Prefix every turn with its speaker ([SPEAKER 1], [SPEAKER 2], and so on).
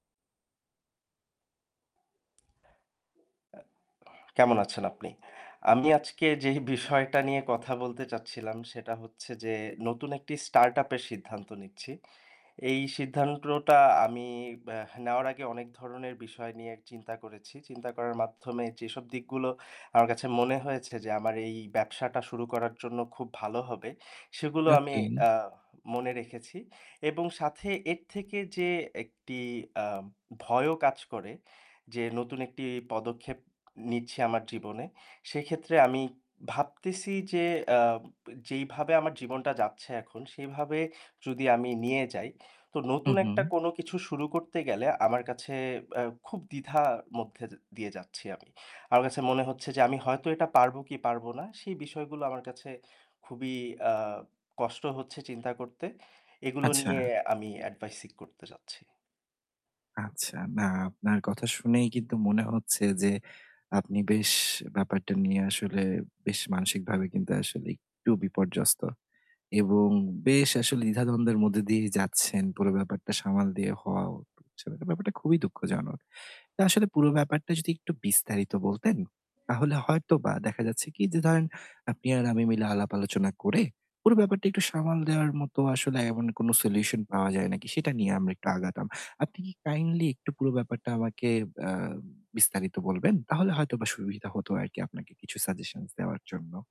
[SPEAKER 1] আ কেমন আছেন আপনি? আমি আজকে যেই বিষয়টা নিয়ে কথা বলতে চাচ্ছিলাম, সেটা হচ্ছে যে নতুন একটি startup এর সিদ্ধান্ত নিচ্ছি। এই সিদ্ধান্তটা আমি ব্য নেওয়ার আগে অনেক ধরনের বিষয় নিয়ে চিন্তা করেছি। চিন্তা করার মাধ্যমে যেসব দিকগুলো আমার কাছে মনে হয়েছে যে, আমার এই ব্যবসাটা শুরু করার জন্য খুব ভালো হবে সেগুলো আমি
[SPEAKER 2] ওকে।
[SPEAKER 1] আ মনে রেখেছি এবং সাথে এর থেকে যে একটি আ ভয়ও কাজ করে যে, নতুন একটি পদক্ষেপ নিচ্ছি আমার জীবনে। সেক্ষেত্রে আমি ভাবতেছি যে আম যেইভাবে আমার জীবনটা যাচ্ছে এখন সেইভাবে যদি আমি নিয়ে যাই, তো
[SPEAKER 2] উ
[SPEAKER 1] নতুন একটা
[SPEAKER 2] হু।
[SPEAKER 1] কোনো কিছু শুরু করতে গেলে আমার কাছে অ্যা খুব দ্বিধা মধ্যে য দিয়ে যাচ্ছি আমি। আমার কাছে মনে হচ্ছে যে আমি হয়তো এটা পারবো কি পারবো না সেই বিষয়গুলো আমার কাছে, খুবই আ কষ্ট হচ্ছে চিন্তা করতে। এগুলো
[SPEAKER 2] আচ্ছা।
[SPEAKER 1] নিয়ে আমি advice seek করতে চাচ্ছি।
[SPEAKER 2] আচ্ছা, না আপনার কথা শুনেই কিন্তু মনে হচ্ছে যে, আপনি বেশ ব্যাপারটা নিয়ে আসলে, বেশ মানসিকভাবে কিন্তু আসলে একটু বিপর্যস্ত এবং বেশ আসলে দ্বিধা-দ্বন্দ্বের মধ্যে দিয়েই যাচ্ছেন। পুরো ব্যাপারটা সামাল দিয়ে হওয়াও হচ্ছে না, ব্যাপারটা খুবই দুঃখজনক। তা আসলে পুরো ব্যাপারটা যদি একটু বিস্তারিত বলতেন, তাহলে হয়তোবা দেখা যাচ্ছে কি যে ধরেন আপনি আর আমি মিলে আলাপ-আলোচনা করে, পুরো ব্যাপারটা একটু সামাল দেওয়ার মতো আসলে এমন কোনো solution পাওয়া যায় নাকি, সেটা নিয়ে আমরা একটু আগাতাম। আপনি কি kindly একটু পুরো ব্যাপারটা আমাকে অ্যা বিস্তারিত বলবেন? তাহলে হয়তোবা সুবিধা হতো আরকি আপনাকে কিছু suggestions দেওয়ার জন্য।